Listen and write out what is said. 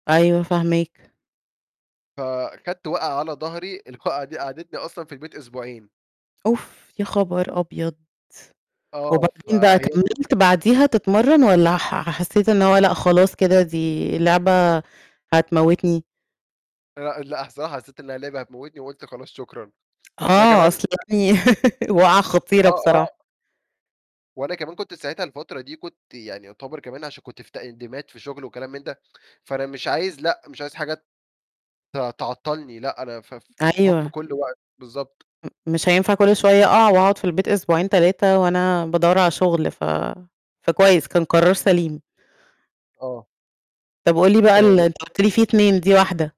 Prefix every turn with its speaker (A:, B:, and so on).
A: أيوه فاهماك.
B: فخدت وقعة على ضهري الوقعة دي قعّدتني أصلًا في البيت أسبوعين.
A: أوف! يا خبر أبيض!
B: آه
A: وبعدين بقى
B: فهي
A: كملت بعديها تتمرن والّا ح حسّيت إن هو لأ خلاص كده دي لعبة هتموتني؟
B: لأ، لأ، صح حسيت إنها لعبة هتموتني وقُلت خلاص شكرًا، ده
A: آه
B: كمان
A: أصل
B: [unintelligible]
A: [unintelligible] وقعة خطيرة
B: آه،
A: بصراحة.
B: آه. وأنا كمان كنت ساعتها الفترة دي كنت يعني يعتبر كمان عشان كنت في تقديمات في شغل وكلام من ده، فأنا مش عايز لأ، مش عايز حاجة ت تعطلني، لأ أنا ف في حُكم
A: أيوه.
B: كل وقت، بالضبط.
A: أ مش هينفع كل شوية أقع وأقعد في البيت أسبوعين 3 وأنا بادوّر على شغل ف فكويس كان قرار سليم.
B: آه.
A: طَب وقُل لي بقى ال
B: [unintelligible]
A: أنت قُلت لي في 2 دي واحدة.